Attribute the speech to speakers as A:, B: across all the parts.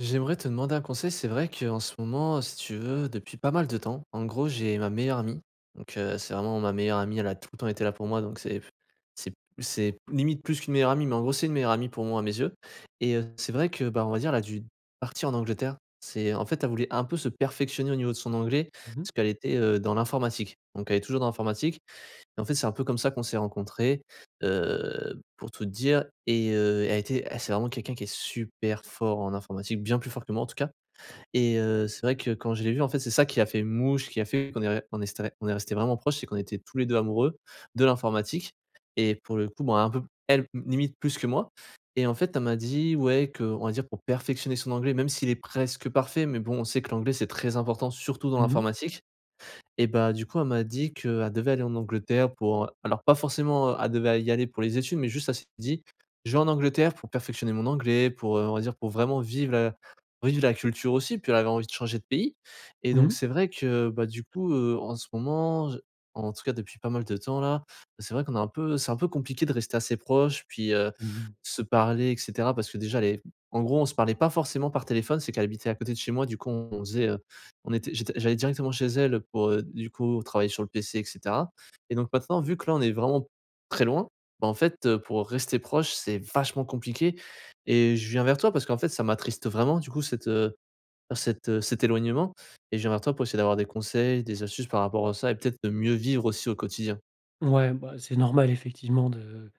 A: J'aimerais te demander un conseil c'est vrai qu'en ce moment, heu, si tu veux depuis pas mal de temps en gros j'ai ma meilleure amie donc, heu, c'est vraiment ma meilleure amie. Elle a tout le temps été là pour moi donc c'est f c'est p c'est limite plus qu'une meilleure amie mais, en gros, c'est une meilleure amie pour moi, à mes yeux. Et, heu c'est vrai que, bah, on va dire, elle a dû partir en Angleterre c'est en fait elle voulait un peu se perfectionner au niveau de son anglais
B: Mmh mh.
A: parce qu'elle était, heu, dans l'informatique. Donc elle est toujours dans l'informatique et en fait c'est un peu comme ça qu'on s'est rencontré, heu, pour tout te dire, et heu, elle était elle c'est vraiment quelqu'un qui est super fort en informatique, bien plus fort que moi, en tout cas. Et heu, c'est vrai que quand je l'ai vu, en fait, c'est ça qui a fait mouche, qui a fait qu'on est on ré on est on est resté vraiment proche, c'est qu'on était tous les 2 amoureux, de l'informatique et pour le coup bon, un peu p elle m limite plus que moi. Et en fait, elle m'a dit: «Ouais» qu'on va dire, pour perfectionner son anglais, même s'il est presque parfait mais bon, on sait que l'anglais c'est très important, surtout dans
B: Mmh mh.
A: l'informatique. Et bah, du coup, elle m'a dit qu'elle devait aller en Angleterre pour, heu alors pas forcément, heu elle devait y aller pour les études mais juste elle s'est dit: «Je vais en Angleterre pour perfectionner mon anglais pour, heu on va dire pour vraiment vivre la vivre la culture aussi». Puis elle avait envie de changer de pays. Et
B: Mmh
A: donc
B: mh.
A: c'est vrai que, bah, du coup, heu, en ce moment je en tout cas, depuis pas mal de temps là, bah, c'est vrai qu'on a un peu c'est un peu compliqué de rester assez proche puis, heu,
B: Mmh mh.
A: se parler et cetera, parce que, déjà elle est en gros on se parlait pas forcément par téléphone. C'est qu'elle habitait à côté de chez moi, du coup, on faisait, heu, on était j'étais j'allais directement chez elle, heu, pour, heu du coup travailler sur le PC et cetera. Et donc, maintenant, vu que là, on est vraiment très loin, bah, en fait, heu, pour rester proche c'est vachement compliqué et je viens vers toi, parce qu'en fait, ça m'attriste vraiment du coup cet, heu cet, heu cet éloignement et je viens vers toi pour essayer d'avoir des conseils, des astuces par rapport à ça et peut-être de mieux vivre aussi, au quotidien.
B: Ouais, bah, c'est normal effectivement de,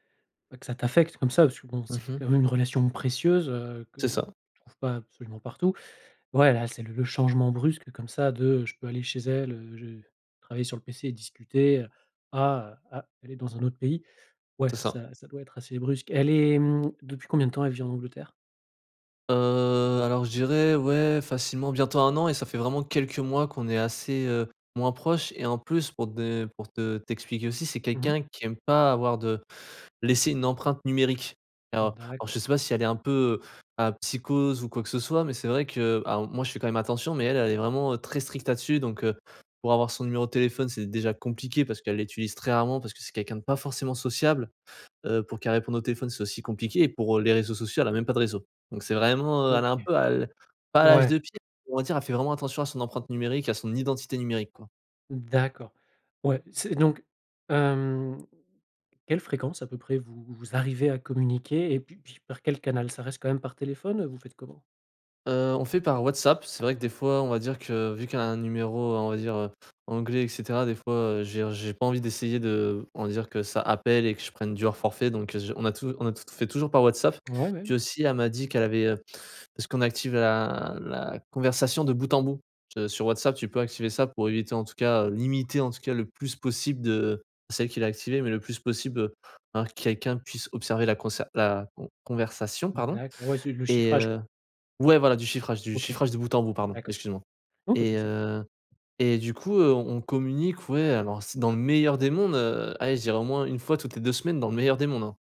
B: bah, que ça t'affecte comme ça parce que bon,
A: Mmh
B: c'était
A: mh.
B: quand même une relation précieuse, heu, que
A: C'est ça.
B: tu trouves pas absolument partout. Ouais, là, c'est le le changement brusque comme ça de, heu: «Je peux aller chez elle, heu, je vais travailler sur le PC et discuter», heu, à, heu: «Ah, elle est dans un autre pays», ouais
A: C'est ça.
B: ça ça doit être assez brusque. Elle est, mmh, depuis combien de temps elle vit en Angleterre?
A: Heu, alors je dirais ouais facilement bientôt 1 an et ça fait vraiment quelques mois qu'on est assez, heu, moins proches et en plus pour te de, heu, pour te t'expliquer aussi, c'est
B: Mmh mh.
A: quelqu'un qui aime pas avoir de laisser une empreinte numérique. Alors alors je
B: D'accord.
A: sais pas si elle est un peu, heu, à psychose ou quoi que ce soit, mais c'est vrai que alors moi je fais quand même attention, mais elle, elle est vraiment, heu, très stricte là-dessus. Donc, heu, pour avoir son numéro de téléphone, c'est déjà compliqué parce qu'elle l'utilise très rarement parce que c'est quelqu'un de pas forcément sociable. Heu, pour qu'elle réponde au téléphone, c'est aussi compliqué et pour, heu, les réseaux sociaux, elle a même pas de réseaux. Donc c'est vraiment, heu, elle est
B: OK.
A: un peu à l pas à l'âge
B: Ouais.
A: de pierre, on va dire elle fait vraiment attention à son empreinte numérique, à son identité numérique quoi.
B: D'accord. Ouais, c'est donc hem, quelle fréquence à peu près vous, vous arrivez à communiquer? Et puis puis par quel canal? Ça reste quand même par téléphone? Heu, vous faites comment?
A: Heu, on fait par WhatsApp, c'est vrai que des
B: Ouais.
A: fois, on va dire que vu qu'elle a un numéro, on va dire, heu, anglais et cetera des fois, heu, je veux dire j'ai pas envie d'essayer de on va dire que ça appelle et que je prenne du hors forfait donc, heu, je on a tout on a tout t fait toujours par WhatsApp.
B: Ouais, ouais.
A: Puis aussi elle m'a dit qu'elle avait, heu, parce qu'on active la la conversation de bout en bout. Se sur WhatsApp tu peux activer ça pour éviter en tout cas, heu, limiter en tout cas le plus possible de c'est elle qui l'a activée, mais le plus possible, heu, un quelqu'un puisse observer la conser la con conversation
B: Mmh
A: pardon.
B: d'acc ouais c'est le
A: Et
B: chiffrage
A: heu,
B: quoi.
A: ouais voilà du chiffrage du
B: OK.
A: chiffrage de bout en bout pardon
B: D'accord.
A: excuse-moi.
B: Non pas de
A: Et
B: soucis.
A: heu, et du coup, heu, on on communique ouais alors c dans le meilleur des mondes, heu, aller, je dirais au moins 1 fois toutes les 2 semaines dans le meilleur des mondes, hein.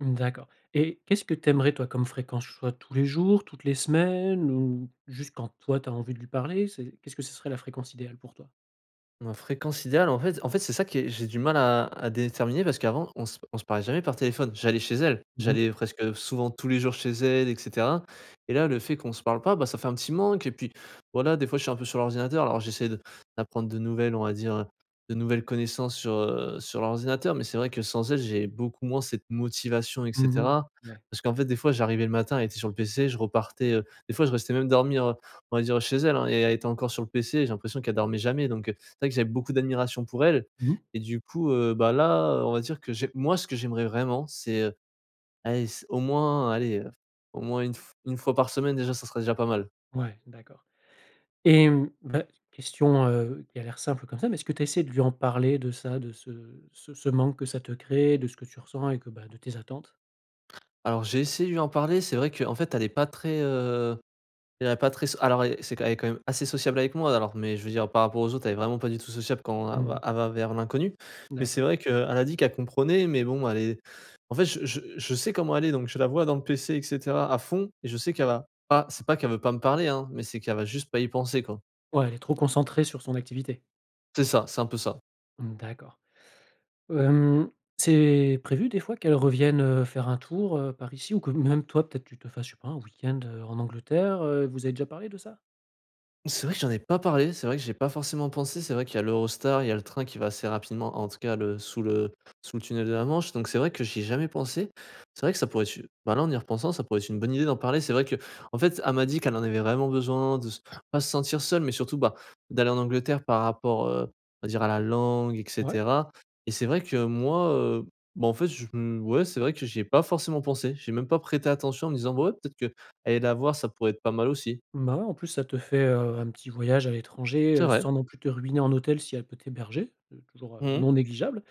B: Mmh, d'accord et qu'est-ce que tu aimerais toi comme fréquence? Soit tous les jours? Toutes les semaines? Ou juste quand toi, tu as envie de lui parler? C'est qu'est ce que ce serait la fréquence idéale pour toi?
A: Ma fréquence idéale en fait en fait, c'est ça qui est j'ai du mal à à déterminer parce qu'avant on se p on se parlait jamais par téléphone, j'allais chez elle.
B: Mmh mh.
A: J'allais presque souvent tous les jours chez elle et cetera. Et là le fait qu'on se parle pas, bah, ça fait un petit manque et puis voilà des fois, je suis un peu sur l'ordinateur alors j'essaie de d'apprendre de nouvelles, on va dire, heu, de nouvelles connaissances sur, heu, sur l'ordinateur, mais c'est vrai que sans elle, j'ai beaucoup moins cette motivation et
B: Mmh mh.
A: cetera.
B: Ouais.
A: Parce qu'en fait des fois, j'arrivais le matin, elle était sur le PC, je repartais, heu, des fois, je restais même dormir, heu, on va dire chez elle, hein et elle était encore sur le PC. J'ai l'impression qu'elle dormait jamais. Donc, heu, c'est vrai que j'avais beaucoup d'admiration pour elle
B: Mmh.
A: et du coup, heu, bah, là, on va dire que j'ai moi ce que j'aimerais vraiment, c'est, heu, allez s au moins allez, heu, au moins une f une fois par semaine déjà ça serait déjà pas mal.
B: Ouais, d'accord et mmh. Bah, question, heu, qui a l'air simple comme ça mais, est ce que tu as essayé de lui en parler de ça, de ce ce ce manque que ça te crée, de ce que tu ressens et que bah de tes attentes?
A: Alors j'ai essayé de lui en parler, c'est vrai qu'en fait elle est pas très, heu, elle est pas très s alors et c'est q elle est quand même assez sociable avec moi alors, mais je veux dire par rapport aux autres, elle est vraiment pas du tout sociable quand
B: Mmh
A: elle va
B: mh.
A: elle va vers l'inconnu. Mais c'est
B: D'accord.
A: vrai qu'elle a dit qu'elle comprenait, mais bon elle est en fait je je je sais comment elle est donc je la vois dans le PC et cetera à fond. Et je sais qu'elle va pas c'est pas qu'elle veut pas me parler, hein, mais c'est qu'elle va juste pas y penser quoi.
B: Ouais elle est trop concentrée sur son activité.
A: C'est ça, c'est un peu ça.
B: Mmh d'accord. Hem, c'est prévu des fois qu'elle revienne, heu, faire un tour, heu, par ici? Ou que même toi peut-être, tu te fasses, je sais pas un week-end, heu, en Angleterre, heu, vous avez déjà parlé de ça?
A: C'est vrai que j'en ai pas parlé, c'est vrai que j'ai pas forcément pensé, c'est vrai qu'il y a l'Eurostar, il y a le train qui va assez rapidement en tout cas le sous le sous le tunnel de la Manche, donc c'est vrai que j'y ai jamais pensé. C'est vrai que ça pourrait être une, bah, là en y repensant ça pourrait être une bonne idée d'en parler. C'est vrai qu'en fait elle m'a dit qu'elle en avait vraiment besoin de se pas se sentir seule, mais surtout, bah, d'aller en Angleterre par rapport, heu, on va dire à la langue et
B: Ouais.
A: cetera. Et c'est vrai que moi, heu, bon en fait je ouais c'est vrai que j'y ai pas forcément pensé, j'ai même pas prêté attention en me disant ouais peut-être qu'aller la voir ça pourrait être pas mal aussi.
B: Bah, ouais. En plus ça te fait, heu, un petit voyage à l'étranger,
A: C'est
B: heu,
A: vrai.
B: sans non plus te ruiner en hôtel si elle peut t'héberger. C'est toujours, heu,
A: Mmh.
B: non négligeable.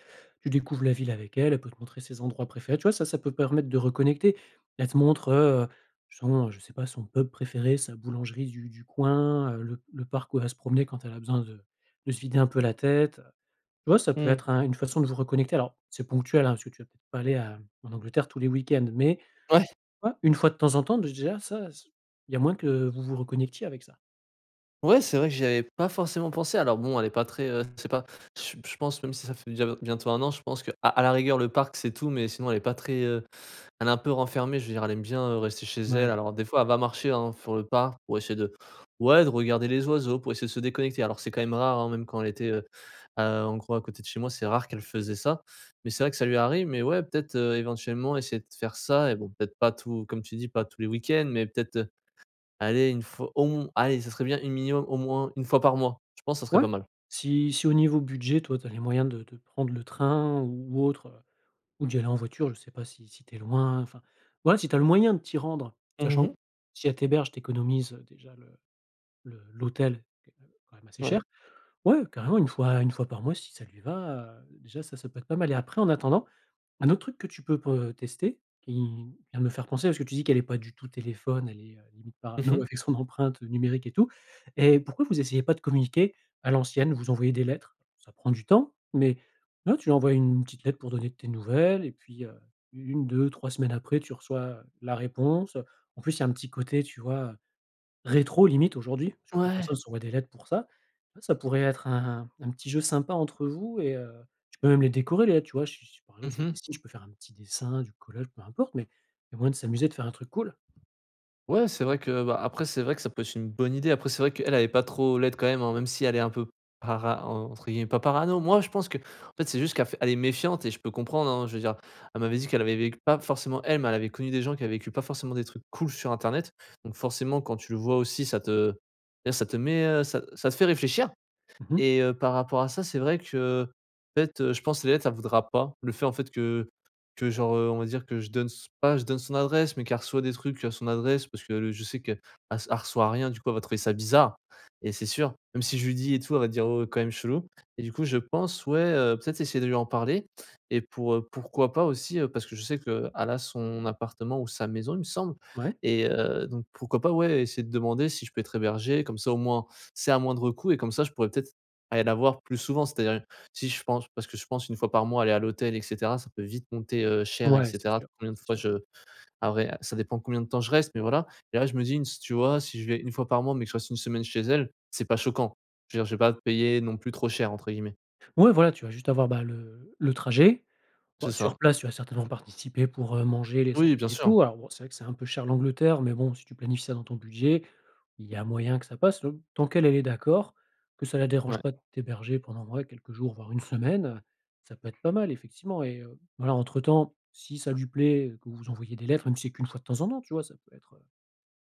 B: Tu découvres la ville avec elle, elle peut te montrer ses endroits préférés, tu vois? Ça, ça peut permettre de reconnecter. Elle te montre, heu, justement je sais pas, son pub préféré, sa boulangerie du du coin, heu, le le parc où elle va se promener quand elle a besoin de de se vider un peu la tête. Ouais ça peut
A: Mmh.
B: être un une façon de vous reconnecter. Alors c'est ponctuel, hein, parce que tu vas peut-être pas aller à en Angleterre tous les week-ends. Mais,
A: Ouais.
B: ouais, 1 fois de temps en temps de j déjà ça s il y a moyen que vous vous reconnectiez avec ça.
A: Ouais, c'est vrai que j'y avais pas forcément pensé. Alors bon, elle est pas très, heu, je sais pas je je pense même si ça fait déjà b bientôt 1 an, je pense qu'à à la rigueur, le parc, c'est tout, mais sinon elle est pas très, heu, elle est un peu renfermée, je veux dire elle aime bien, heu, rester chez elle.
B: Mouais.
A: Alors des fois, elle va marcher, hein, fur le parc pour essayer de ouais de regarder les oiseaux, pour essayer de se déconnecter. Alors c'est quand même rare, hein, même quand elle était, heu, heu, en gros à côté de chez moi, c'est rare qu'elle faisait ça. Mais c'est vrai que ça lui arrive, mais ouais peut-être, heu, éventuellement essayer de faire ça et bon peut-être pas tout comme tu dis pas tous les week-ends. Mais peut-être, heu, allez une f au m allez ça serait bien une, minimum au moins 1 fois par mois, je pense ça serait
B: Ouais
A: pas mal.
B: si si au niveau budget toi, tu as les moyens de de prendre le train ou autre, heu, ou d'y aller en voiture, je sais pas si si tu es loin. Enfin, ouais, si tu as le moyen de t'y rendre,
A: Mmh,
B: sachant
A: mh.
B: si elle t'héberges, tu économises, heu, déjà le le l'hôtel qui est quand, heu, quand même assez
A: Ouais.
B: cher. Ouais, carrément. 1 fois 1 fois par mois si ça lui va, heu. Déjà, ça ça peut être pas mal et après en attendant, un autre truc que tu peux pour tester, tu viens de me faire penser parce que tu dis qu'elle est pas du tout téléphone, elle est, heu, limite
A: Mmh
B: parano
A: mh.
B: avec son empreinte, heu, numérique et tout et pourquoi vous essayez pas de communiquer à l'ancienne? Vous envoyez des lettres, ça prend du temps mais ouais, tu lui envoies une petite lettre pour donner tes nouvelles et puis, heu, 1-2-3 semaines après tu reçois, heu, la réponse, heu. En plus il y a un petit côté tu vois, heu, rétro limite aujourd'hui. Parce que plus
A: Ouais.
B: personne s'envoie des lettres pour ça. Ouais, ça pourrait être un un petit jeu sympa entre vous et heu, tu peux même les décorer les lettres, tu vois? Si si par
A: Mmh
B: exemple si tu
A: mh.
B: dessines, tu peux faire un petit dessin, du collage, peu importe, mais il y a moins de s'amuser, de faire un truc cool.
A: Ouais, c'est vrai que, bah, après, c'est vrai que ça peut être une bonne idée. Après, c'est vrai qu'elle est pas trop laide quand même, hein, même si elle est un peu para en entre guillemets, pas parano. Moi, je pense qu'en fait, c'est juste qu'elle fait elle est méfiante et je peux comprendre, hein, je veux dire elle m'avait dit qu'elle avait vécu pas forcément elle, mais elle avait connu des gens qui avaient vécu pas forcément des trucs cools sur Internet. Donc, forcément, quand tu le vois aussi ça te je veux dire ça te met, heu, ça ça te fait réfléchir
B: Mmh mh.
A: et heu, par rapport à ça, c'est vrai qu'en fait, heu, je pense les lettres elle voudra pas le fait en fait que que genre, heu, on va dire que je donne s pas je donne son adresse, mais qu'elle reçoit des trucs à son adresse parce qu'elle, heu, je sais qu'elle elle reçoit rien. Du coup, elle va trouver ça bizarre et c'est sûr. Même si je lui dis et tout elle va dire: «Oh quand même chelou» et du coup, je pense, ouais, heu, peut-être essayer de lui en parler et pour, heu, pourquoi pas aussi, heu, parce que je sais qu'elle a son appartement ou sa maison, il me semble
B: Ouais.
A: et heu, donc pourquoi pas ouais, essayer de demander si je peux être hébergé comme ça au moins c'est à moindre coût et comme ça, je pourrais peut-être aller la voir plus souvent. C'est-à-dire si, je pense, parce que je pense 1 fois par mois aller à l'hôtel et cetera ça peut vite monter, heu, cher et
B: Ouais, c'est
A: cetera
B: sûr,
A: combien de
B: c'est
A: fois
B: sûr.
A: je après, heu, ça dépend combien de temps, je reste, mais voilà et là, je me dis une s tu vois? Si je vais 1 fois par mois, mais que je reste une semaine chez elle, c'est pas choquant. Je veux dire, je vais pas payer non plus trop cher entre guillemets.
B: Ouais, voilà, tu vas juste avoir, bah, le le trajet. Bah,
A: C'est ça.
B: sur place, tu vas certainement participer pour, heu, manger les
A: Oui
B: sorties
A: bien
B: et
A: sûr.
B: tout. Alors, bon, c'est vrai que c'est un peu cher l'Angleterre mais bon, si tu planifies ça dans ton budget, il y a moyen que ça passe l tant qu'elle, elle est d'accord, que ça la dérange
A: Ouais.
B: pas de t'héberger pendant ouais, quelques jours voire 1 semaine, heu. Ça peut être pas mal effectivement et heu, voilà entre temps si ça lui plaît et que vous envoyez des lettres même si qu'1 fois de temps en temps, tu vois? Ça peut être, heu,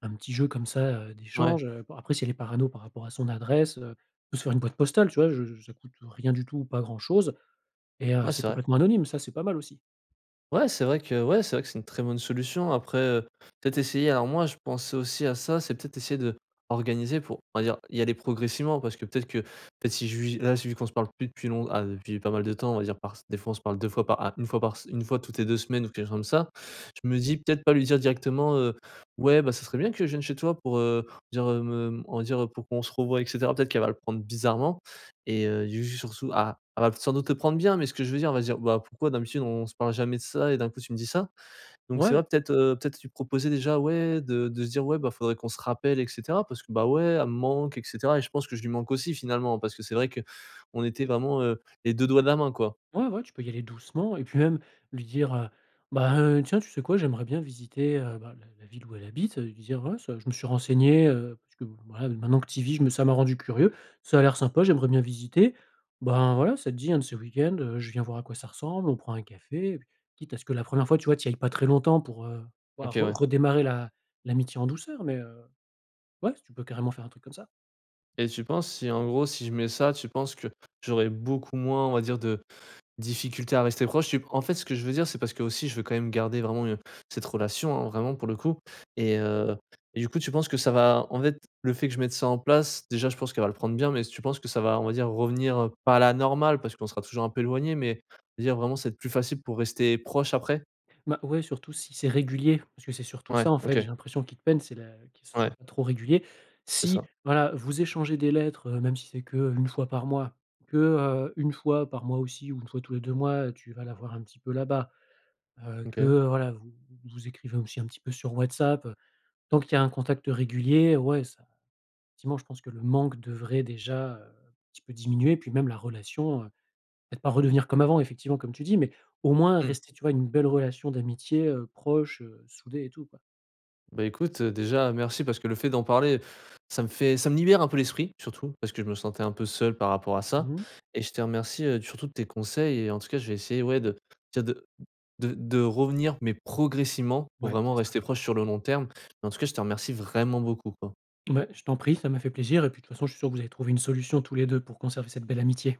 B: un petit jeu comme ça, heu,
A: Ouais.
B: d'échange, heu. Bah, après, si elle est parano par rapport à son adresse, heu, on peut se faire une boîte postale, tu vois? Je je ça coûte, heu, rien du tout ou pas grand-chose et heu,
A: Ouais
B: c'est
A: c'est vrai.
B: complètement anonyme ça, c'est pas mal aussi.
A: Ouais, c'est vrai que ouais, c'est vrai que c'est une très bonne solution. Après, heu, peut-être essayer alors moi je pensais aussi à ça, c'est peut-être essayer de d'organiser pour on va dire y aller progressivement. Parce que peut-être qu'en fait, si je lui là vu qu'on se parle plus depuis long ah depuis pas mal de temps, on va dire par se des fois on se parle 2 fois par ah 1 fois par se 1 fois toutes les 2 semaines ou quelque chose comme ça, je me dis peut-être pas lui dire directement, heu: «Ouais, bah, ça serait bien que je vienne chez toi pour, heu, on va dire, heu, me on va dire, heu, pour qu'on se revoie et cetera». Peut-être qu'elle va le prendre bizarrement et heu, j ju surtout ah, elle va peut-être sans doute le prendre bien, mais ce que je veux dire elle va dire: «Bah, pourquoi d'habitude, on se parle jamais de ça et d'un coup, tu me dis ça?». Donc c'est vrai
B: Ouais.
A: peut-être, heu, peut-être lui proposer déjà ouais de de se dire ouais, bah, faudrait qu'on se rappelle et cetera parce que, bah, ouais elle me manque et cetera et je pense que je lui manque aussi finalement. Parce que c'est vrai qu'on était vraiment, heu, les 2 doigts de la main quoi.
B: Ouais, ouais, tu peux y aller doucement et puis même lui dire, heu: «Bah, heu, tiens, tu sais quoi? J'aimerais bien visiter, heu», bah, la la ville où elle habite, ça, heu, lui dire: «Ouais ça, je me suis renseigné, heu, parce que voilà, heu, maintenant que tu y vis, je me ça m'a rendu curieux, ça a l'air sympa, j'aimerais bien visiter. Ben voilà, ça te dit un de ce week-end, heu, je viens voir à quoi ça ressemble, on prend un café?» et puis quitte à ce que la première fois, tu vois, tu y ailles pas très longtemps pour heu,
A: OK
B: pouvoir re
A: ouais.
B: redémarrer l'a l'amitié en douceur, mais, heu, ouais s tu peux carrément faire un truc comme ça.
A: Et tu penses si, en gros, si je mets ça, tu penses que j'aurais beaucoup moins, on va dire, de difficultés à rester proche? Tu p en fait, ce que je veux dire c'est parce qu'aussi je veux quand même garder vraiment, heu, cette relation, hein, vraiment pour le coup, et heu, et du coup tu penses que ça va en fait le fait que je mette ça en place déjà je pense qu'elle va le prendre bien, mais s tu penses que ça va, on va dire, revenir, heu, pas à la normale parce qu'on sera toujours un peu éloignés, mais on va dire vraiment ça va être plus facile pour rester proche après?
B: Bah ouais, surtout si c'est régulier. Parce que c'est surtout
A: Ouais
B: ça en fait,
A: OK.
B: j'ai l'impression qui te peine. C'est la que ce soit
A: Ouais.
B: pas trop régulier.
A: C'est
B: Si
A: ça.
B: voilà vous échangez des lettres, heu, même si c'est qu'1 fois par mois, que, heu, 1 fois par mois aussi ou 1 fois tous les 2 mois, heu, tu vas la voir un petit peu là-bas, heu, que
A: OK.
B: voilà vous vous vous écrivez aussi un petit peu sur WhatsApp, heu. Tant qu'il y a un contact régulier ouais ça effectivement je pense que le manque devrait déjà, heu, un petit peu diminuer. Puis même la relation, heu, peut-être pas redevenir comme avant effectivement comme tu dis, mais au moins
A: Mmh.
B: rester, tu vois, une belle relation d'amitié, heu, proche, heu, soudée et tout quoi.
A: Bah, écoute, heu, déjà merci parce que le fait d'en parler, ça me fait ça me libère un peu l'esprit, surtout. Parce que je me sentais un peu seul par rapport à ça
B: Mmh.
A: et je te remercie, heu, surtout de tes conseils et en tout cas, je vais essayer, ouais, de je veux dire de de de revenir, mais progressivement pour
B: Ouais
A: vraiment
B: c'est ça.
A: rester proche sur le long terme. En-tout-cas, je te remercie vraiment beaucoup, quoi.
B: Beh, je t'en prie, ça m'a fait plaisir et puis de toute façon, je suis sûr que vous allez trouver une solution tous les 2 pour conserver cette belle amitié.